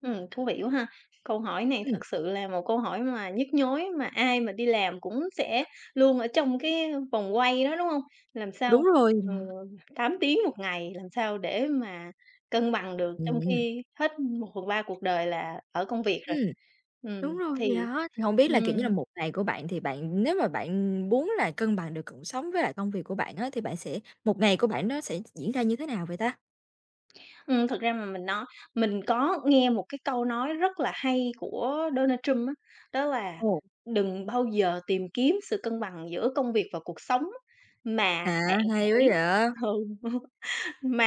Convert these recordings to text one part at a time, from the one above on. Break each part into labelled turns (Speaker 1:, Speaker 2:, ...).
Speaker 1: Ừm, thú vị quá ha. Câu hỏi này
Speaker 2: Ừm.
Speaker 1: thực sự là một câu hỏi mà nhức nhối, mà ai mà đi làm cũng sẽ luôn ở trong cái, ưm, vòng quay đó, đúng hông? Làm
Speaker 2: Đúng
Speaker 1: sao,
Speaker 2: rồi
Speaker 1: ừ,
Speaker 2: [unintelligible]
Speaker 1: 8 tiếng 1 ngày, làm sao để mà cân bằng được trong
Speaker 2: Ừm, ừm.
Speaker 1: khi hết 1/3 cuộc đời là ở công việc rồi.
Speaker 2: Ừm,
Speaker 1: Ừm,
Speaker 2: đúng rồi, thì
Speaker 1: thì
Speaker 2: đó, thì hổng biết là, kiểu như là,
Speaker 1: ừm.
Speaker 2: 1 ngày của bạn, thì bạn nếu mà bạn muốn là cân bằng được cuộc sống với lại công việc của bạn á, thì bạn sẽ 1 ngày của bạn nó sẽ diễn ra như thế nào vậy ta?
Speaker 1: Ừm, thực ra mà mình nói mình có nghe một cái câu nói rất là hay của Donald Trump á, đó là
Speaker 2: Ồ.
Speaker 1: "Đừng bao giờ tìm kiếm sự cân bằng giữa công việc và cuộc sống, mà
Speaker 2: À,
Speaker 1: bạn
Speaker 2: hay quá
Speaker 1: hãy"
Speaker 2: vậy.
Speaker 1: ừ,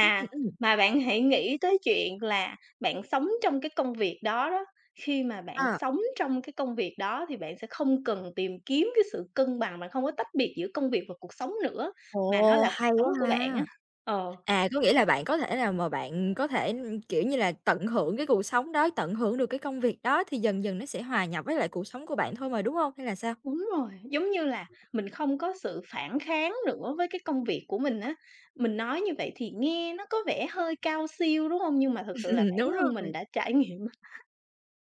Speaker 2: Ừm, ừm.
Speaker 1: mà bạn hãy nghĩ tới chuyện là bạn sống trong cái công việc đó đó. Khi mà bạn
Speaker 2: À.
Speaker 1: sống trong cái công việc đó, thì bạn sẽ không cần tìm kiếm cái sự cân bằng, bạn không có tách biệt giữa công việc và cuộc sống nữa, mà nó
Speaker 2: Ồ!
Speaker 1: là cuộc
Speaker 2: Hay
Speaker 1: sống
Speaker 2: quá
Speaker 1: của bạn á."
Speaker 2: ha.
Speaker 1: Ờ.
Speaker 2: À, có nghĩa là bạn có thể nào mà bạn có thể, ưm, kiểu như là, tận hưởng cái cuộc sống đó, tận hưởng được cái công việc đó, thì dần dần nó sẽ hòa nhập với lại cuộc sống của bạn thôi mà, đúng hông? Hay là sao?
Speaker 1: Đúng rồi, giống như là mình không có sự phản kháng nữa với cái công việc của mình á. Mình nói như vậy thì nghe nó có vẻ hơi cao siêu, đúng hông? Nhưng mà thực sự là
Speaker 2: Ừm.
Speaker 1: bản
Speaker 2: Đúng
Speaker 1: thân mình
Speaker 2: rồi.
Speaker 1: đã trải nghiệm á.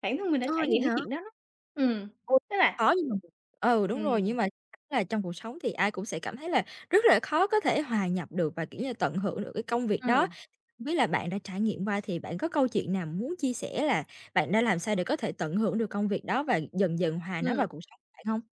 Speaker 1: Bản thân mình đã
Speaker 2: Ờ,
Speaker 1: trải
Speaker 2: vậy
Speaker 1: nghiệm cái
Speaker 2: hả?
Speaker 1: chuyện đó đó. Ừm,
Speaker 2: Ồ,
Speaker 1: tức là
Speaker 2: khó nhưng mà [unintelligible] ừ, đúng rồi, nhưng
Speaker 1: Ừm.
Speaker 2: mà là trong cuộc sống thì ai cũng sẽ cảm thấy là rất là khó có thể hòa nhập được và, kiểu như, tận hưởng được cái công việc đó.
Speaker 1: Ừm.
Speaker 2: Không biết là bạn đã trải nghiệm qua thì bạn có câu chuyện nào muốn chia sẻ là bạn đã làm sao để có thể tận hưởng được công việc đó và dần dần hòa nó
Speaker 1: Ừm.
Speaker 2: vào cuộc sống bạn hông?